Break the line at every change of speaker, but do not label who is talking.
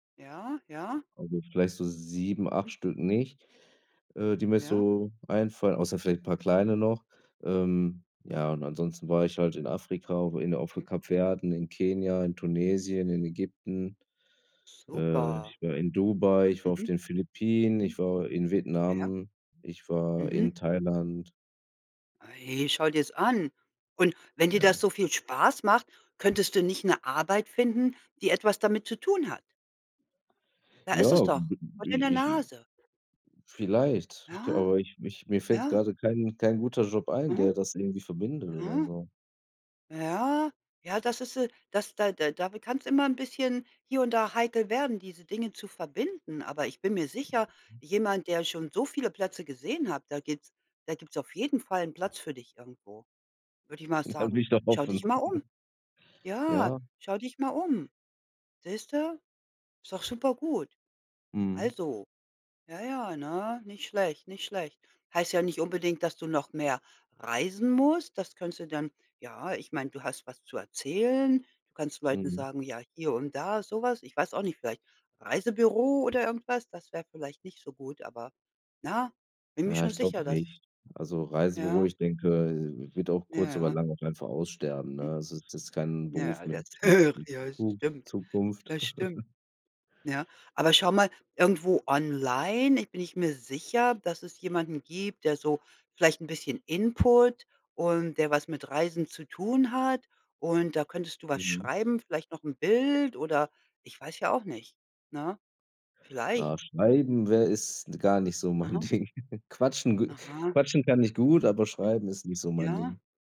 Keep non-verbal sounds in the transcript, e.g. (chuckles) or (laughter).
Ja, ja.
Also, vielleicht so 7, 8 Stück nicht, äh, die mir
Ja.
so einfallen, außer vielleicht paar kleine noch. Ähm, ja, und ansonsten war ich halt in Afrika, inne auf 'n
Mhm.
Kap Verde, in Kenia, in Tunesien, in Ägypten, äh,
Super.
ich war in Dubai, ich war auf
Mhm.
den Philippinen,
Mhm.
ich war in
Ja.
Vietnam, ich war
Mhm.
in Thailand.
Ey, schau dir's an. Und wenn dir das
Ja.
so viel Spaß macht, könntest du nicht 'ne Arbeit finden, die etwas damit zu tun hat? Da ist es
Ja b
doch, vor
i
deiner
ich
Nase.
vielleicht, ich glaube
Ja.
aber, ich ich mir fällt
Ja.
grade kein kein guter Job ein,
Mhm.
der das irgendwie verbindet oder
Mhm.
so.
Ja. Ja, das ist, äh das da da damit kann's immer 'n bisschen hier und da heikel werden, diese Dinge zu verbinden. Aber ich bin mir sicher, jemand, der schon so viele Plätze gesehen hat, da gibt's da gibt's auf jeden Fall 'n Platz für dich irgendwo, würde ich mal
Ja, will
sagen.
ich doch
Schau dich
hoffen.
mal
(chuckles)
um. Ja,
Ja.
schau dich mal um. Siehst du? Ist doch super gut.
Mhm.
Also ja, ja, ne, nicht schlecht, nicht schlecht. Heißt ja nicht unbedingt, dass du noch mehr reisen musst. Das könntest du dann ja, ich meine, du hast was zu erzählen. Du kannst Leuten
Mhm.
sagen: „Ja, hier und da“, so was. Ich weiß auch nicht, vielleicht Reisebüro oder irgendwas, das wäre vielleicht nicht so gut, aber na, bin mir
Ja,
schon
ich glaube
sicher, dass
nicht. Also, Reisebüro,
Ja.
ich denke, wird auch
Ja,
kurz oder
ja.
lang auch einfach aussterben,
Mhm.
ne? Es Es ist kein Beruf
Ja,
mit
das
mit
höre
mit
(unintelligible) ja,
Zuku
stimmt,
Zukunft.
das stimmt,
(chuckles)
ja. Aber schau mal, irgendwo online, ich bin ich mir sicher, dass es jemanden gibt, der so vielleicht 'n bisschen Input und der was mit Reisen zu tun hat und da könntest du was
Mhm.
schreiben, vielleicht noch 'n Bild oder ich weiß ja auch nicht, ne,
Ah,
vielleicht?
schneiden wär ist gar nicht so mein
Aha.
Ding. (chuckles) Quatschen gu
Aha.
quatschen kann ich gut, aber
Mhm.
schreiben ist nicht so mein
Ja.
Ding.